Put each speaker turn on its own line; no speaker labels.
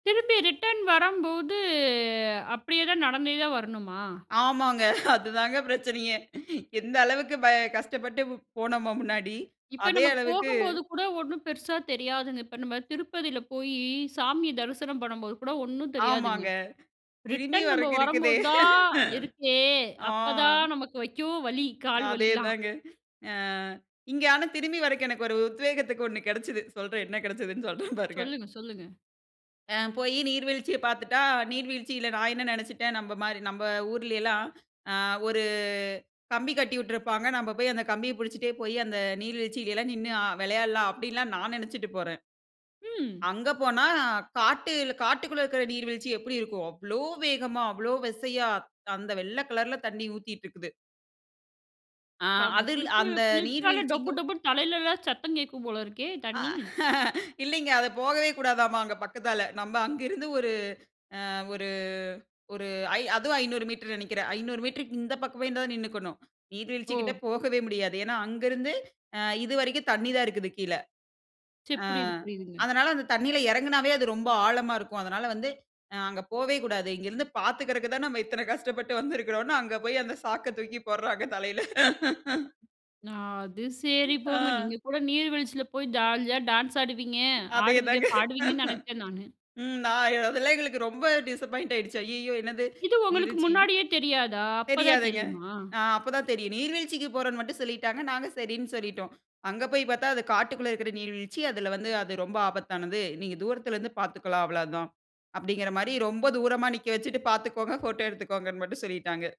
திருப்பி ரிட்டர்ன் வரம்போது அப்டியே தான் நடந்தே தான் வரணுமா?
ஆமாங்க. அதுதாங்க பிரச்சனையே. எந்த அளவுக்கு ப கஷ்டப்பட்டு போனோமா முன்னாடி,
இப்ப
அதே
நமக்கு
அளவுக்கு.
போகும்போது கூட ஒண்ணும் பெருசா தெரியாதுங்க. இப்ப நம்ம திருப்பதியில போய் சாமிய தரிசனம் பண்ணம்போது கூட ஒண்ணும் தெரியாதுங்க.
ஆமாங்க. திரும்பி
ரிட்டர்ன் நம்ம
வரைக்கும் இருக்குதே,
வரும்போது தான் இருக்கே.
ஆ.
அப்பதான் நமக்கு ஐயோ வலி, கால்
அதே
வலில்லாம்.
தாங்க. அ இங்க ஆனா திரும்பி வரைக்கும் எனக்கு ஒரு உத்வேகத்திற்கு ஒண்ணு கெடைச்சது. சொல்றேன் என்ன கெடைச்சதுன்னு சொல்றேன் பாருங்க.
சொல்லுங்க, சொல்லுங்க.
அ போய் நீர்வீழ்ச்சிய பார்த்துட்டா நீர்வீழ்ச்சியில நான் என்ன நெனைச்சிட்டேன், நம்ப மாரி நம்ப ஊர்லேலாம், அ ஒரு கம்பி கட்டி விட்டுருப்பாங்க. நம்ம போய் அந்த கம்பிய புடிச்சிட்டே போயி, அந்த நீர்வீழ்ச்சியிலலாம் நின்னு அ வெளையாடலாம் அப்டின்லாம் நான் நெனைச்சிட்டு போறேன்.
ம்.
அங்க போனா காட்டு காட்டுக்குள்ள இருக்கிற நீர்வீழ்ச்சி எப்டி இருக்கும்? அவ்ளோ வேகமா, அவ்ளோ வெசையா அந்த வெள்ள கலர்ல தண்ணீ ஊத்திட்டு இருக்குது. ஆ
இப்ப அங்க
அதில்
குளிக்க
அந்த
குளிச்சாலே, டொப்பு
நீர்வீழ்ச்சிக்கும்.
டொப்புன்னு தலையிலலாம் சத்தம் கேட்கும் போல இருக்கே
ஆ
தண்ணி.
இல்லைங்க. அது போகவே கூடாதாம் அங்கே பக்கத்தால. நம்ம அங்கே இருந்து ஒரு அ ஒரு ஒரு ஐ அதுவும் 500 மீட்டர்ன்னு நெனைக்கிறேன். 500 மீட்டர் இந்த பக்கமே தான் நின்னுக்கனும். நீர்வீழ்ச்சி கிட்ட
ஓ!
போகவே முடியாது. ஏன்னா, அங்க இருந்து இது வரைக்கும் தண்ணீ தான் இருக்குது கீல.
சரி
ஆ
புரியுது, புரியுதுங்க.
அதனால அந்த தண்ணீர்ல எறங்கினாவே அது ரொம்ப ஆழமா இருக்கும். அதனால வந்து அ அங்க போவே கூடாது. "இங்கே இருந்து பார்த்துக்றதுக்கு தான் நாம் இத்தன கஷ்டப்பட்டு வந்திருக்கோம்ன்னு" அங்கே போய் அந்த சாக்க தூக்கி போட்றாங்க தலையில.
நான் அது சரி
ம்.
போங்க!
ஆ.
நீங்க கூட நீர்வீழ்ச்சியில போயி, ஜாலியா டான்ஸ் ஆடுவீங்க,
அதே
ஆடுவீங்க
தாங்க.
பாடுவீங்கன்னு நெனைச்சேன் நானு.
ம் நா அதெல்லாம் எங்களுக்கு ரொம்ப டிசப்பாயிண்ட் ஆயிடுச்சு. "ஐய்யயோ என்னது
இது உங்களுக்கு
நீர்வீழ்ச்சி?"
முன்னாடியே தெரியாதா? அப்ப தான்
தெரியாதுங்க.
தெரியுமா?
அ அப்போ தான் தெரியும். நீர்வீழ்ச்சிக்கு போறோம்ன்னு மட்டும் சொல்லிட்டாங்க நாங்க சரின்னு சொல்லிட்டோம். அங்கே போய் பார்த்தா அது காட்டுக்குள்ளே இருக்கிற நீர்வீழ்ச்சி அதில வந்து அது ரொம்ப ஆபத்தானது. "நீங்க தூரத்தில இருந்து பார்த்துக்கலாம் அவ்வளவு தான்"அப்டின்கிற மாதிரி ரொம்ப தூரமா நிக்க வச்சிட்டு பார்த்துக்கோங்க, போட்டோ எடுத்துக்கோங்கன்னு மட்டும் சொல்லிட்டாங்க.